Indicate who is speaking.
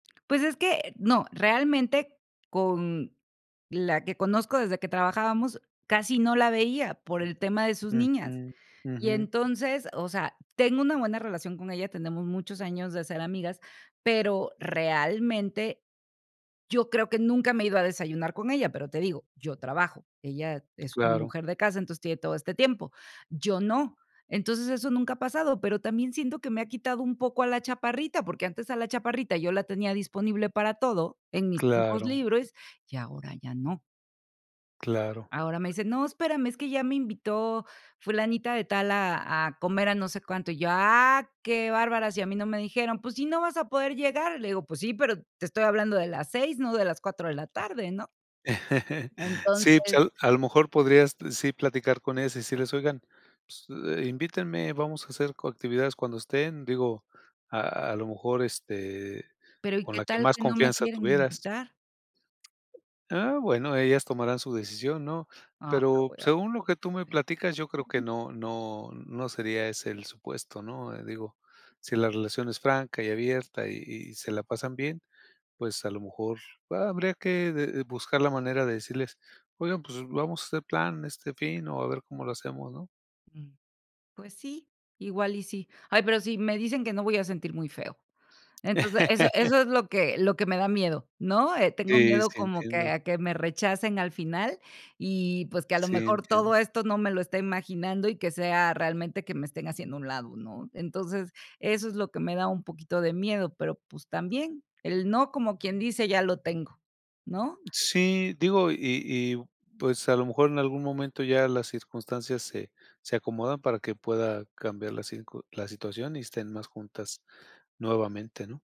Speaker 1: Pues, es que, no, realmente con la que conozco desde que trabajábamos, casi no la veía, por el tema de sus niñas.
Speaker 2: Ujú,
Speaker 1: Y
Speaker 2: ujú.
Speaker 1: entonces, o sea, tengo una buena relación con ella, tenemos muchos años de ser amigas, pero, realmente, yo creo que nunca me he ido a desayunar con ella, pero te digo, yo trabajo, ella es una
Speaker 2: Claro.
Speaker 1: mujer de casa, entonces tiene todo este tiempo. Yo no. Entonces, eso nunca ha pasado, pero también siento que me ha quitado un poco a la chaparrita, porque antes a la chaparrita yo la tenía disponible para todo, en mis tiempos
Speaker 2: Claro.
Speaker 1: libres, y ahora ya no.
Speaker 2: Claro.
Speaker 1: Ahora me dice: "No, espérame, es que ya me invitó fulanita de tal a a comer a no sé cuánto", y yo: "¡Ah, qué bárbaras!, y a mí no me dijeron". "Pues si no vas a poder llegar", le digo: "Pues sí, pero te estoy hablando de las 6, no de las 4 de la tarde", ¿no?
Speaker 2: Sí,
Speaker 1: Entonces
Speaker 2: pues, a a lo mejor podrías, sí platicar con ellas, y decirles: "Oigan, pues, eh, invítenme, vamos a hacer co actividades cuando estén", digo, a a lo mejor, este,
Speaker 1: Pero, ¿y
Speaker 2: con
Speaker 1: qué
Speaker 2: la que
Speaker 1: tal
Speaker 2: más
Speaker 1: que no me
Speaker 2: confianza
Speaker 1: quieren
Speaker 2: tuvieras.
Speaker 1: invitar?
Speaker 2: Ah, bueno, ellas tomarán su decisión, ¿no?
Speaker 1: Ah, pero
Speaker 2: Pero,
Speaker 1: voy a
Speaker 2: según lo que tú me platicas, yo creo que
Speaker 1: [unintelligible]
Speaker 2: no no no sería ese el supuesto, ¿no? Digo, si la relación es franca y abierta, y y se la pasan bien, pues, a lo mejor ha habría que de de buscar la manera de decirles: "Oigan, pues vamos a hacer plan, este fin, o, a ver cómo lo hacemos", ¿no?
Speaker 1: Mm, pues sí, igual y sí. Ay, pero sí, me dicen que no, voy a sentir muy feo. Entonces, eso eso es lo que lo que me da miedo, ¿no? Eh, tengo
Speaker 2: Sí,
Speaker 1: miedo
Speaker 2: sí.
Speaker 1: como que
Speaker 2: Entiendo.
Speaker 1: a que me rechacen al final y, pues, que a lo
Speaker 2: Sí,
Speaker 1: mejor
Speaker 2: entiendo.
Speaker 1: todo esto no me lo estoy imaginando, y que sea realmente que me estén haciendo a un lado, ¿no? Entonces, eso es lo que me da un poquito de miedo, pero, pues, también, el no, como quien dice, ya lo tengo, ¿no?
Speaker 2: Sí, digo, y y, pues, a lo mejor en algún momento ya las circunstancias se se acomodan, para que pueda cambiar la circu la situación, y estén más juntas nuevamente, ¿no?